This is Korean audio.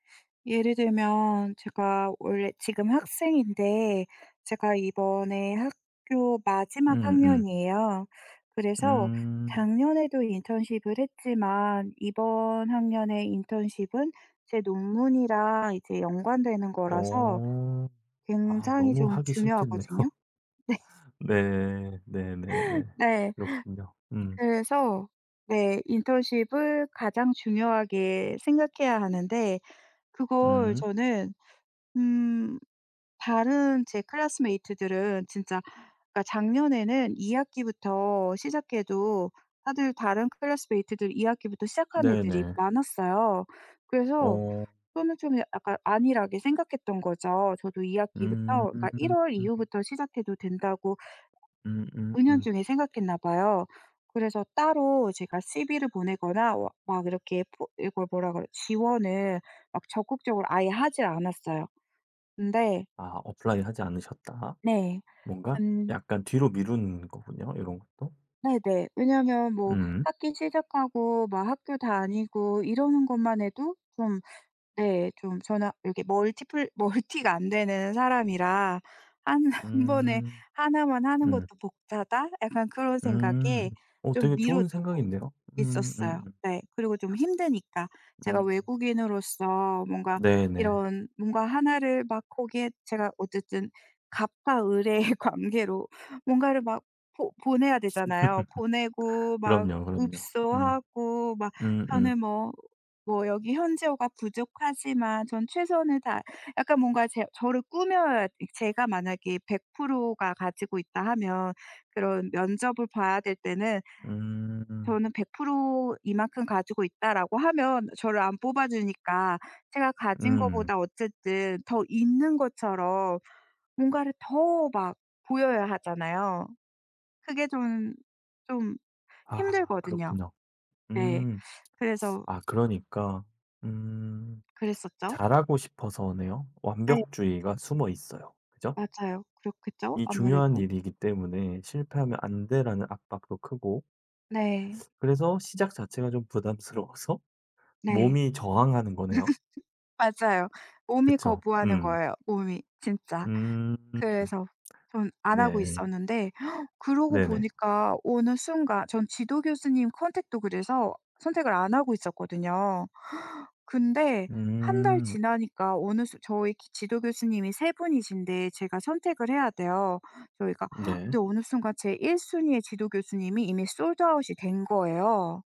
예를 들면 제가 원래 지금 학생인데 제가 이번에 학교 마지막 음음. 학년이에요. 그래서 음. 작년에도 인턴십을 했지만 이번 학년에 인턴십은 제 논문이랑 이제 연관되는 거라서 어. 아 굉장히 너무 좀 하기 싫겠네요. 중요하거든요. 네. 네. 네네네. 네. 그렇군요. 음. 그래서 네 인턴십을 가장 중요하게 생각해야 하는데 그걸 음. 저는 음 다른 제 classmate들은 진짜 그니까 작년에는 2 학기부터 시작해도 다들 다른 classmate들 2 학기부터 시작한 애들이 네네. 많았어요. 그래서 어. 그거는 좀 야 약간 안일하게 생각했던 거죠. 저도 2 학기부터 그니까 1 음. 월 이후부터 시작해도 된다고 음음음. 은연중에 생각했나 봐요. 그래서 따로 제가 CV를 보내거나 워 막 이렇게 보 이걸 뭐라 그래 지원을 막 적극적으로 아예 하지 않았어요. 근데 아 apply하지 않으셨다. 네. 뭔가 근 약간 뒤로 미루는 거군요, 요런 것도. 네네. 왜냐면 뭐 음. 학기 시작하고 막 학교 다니고 이러는 것만 해도 좀 네 좀 저는 여기 멀티 플 멀티가 안 되는 사람이라' 1- 1 번에 음. 1만 하는 음. 것도 벅차다.' 약간 그런 음. 생각에 어 좀 되게 좋은 미뤄두고 생각인데요. 있었어요. 음음음. 네 그리고 좀 힘드니까. 제가 음. 외국인으로서 뭔가 네네. 이런 뭔가 1를 막 거기에 제가 어쨌든 갑과 을의 관계로 뭔가를 막 보 보내야 되잖아요. 보내고 막 그럼요, 그럼요. 음. 읍소하고 막 음음. 저는 뭐 뭐 여기 현지어가 부족하지만 전 최선을 다 약간 뭔가 제 저를 꾸며야 이 제가 만약에 100%가 가지고 있다 하면 그런 면접을 봐야 될 때는 음. '저는 100% 이만큼 가지고 있다.'라고 하면 저를 안 뽑아주니까 제가 가진 음. 것보다 어쨌든 더 있는 것처럼 뭔가를 더 막 보여야 하잖아요. 그게 좀 좀 아 힘들거든요. 그렇군요. 네. 음. 그래서 아 그러니까 음 그랬었죠. 잘하고 싶어서네요. 네. 완벽주의가 숨어있어요. 그죠? 맞아요. 그렇겠죠, 이 중요한 아무래도. 일이기 때문에 '실패하면 안 돼.'라는 압박도 크고 네. 그래서 시작 자체가 좀 부담스러워서 네. 몸이 저항하는 거네요. 맞아요. 몸이 그쵸. 거부하는 음. 거예요, 몸이. 진짜. 음 그래서 전 안 하고 네. 있었는데 그러고 네네. 보니까 어느 순간 전 지도 교수님 컨택도 그래서 선택을 안 하고 있었거든요. 근데 1 달 음. 지나니까 오늘 수 저희 지 지도 교수님이 3 분이신데 제가 선택을 해야 돼요, 저희가. 근데 네. 어느 순간 제 1 순위의 지도 교수님이 이미 sold out이 된 거예요.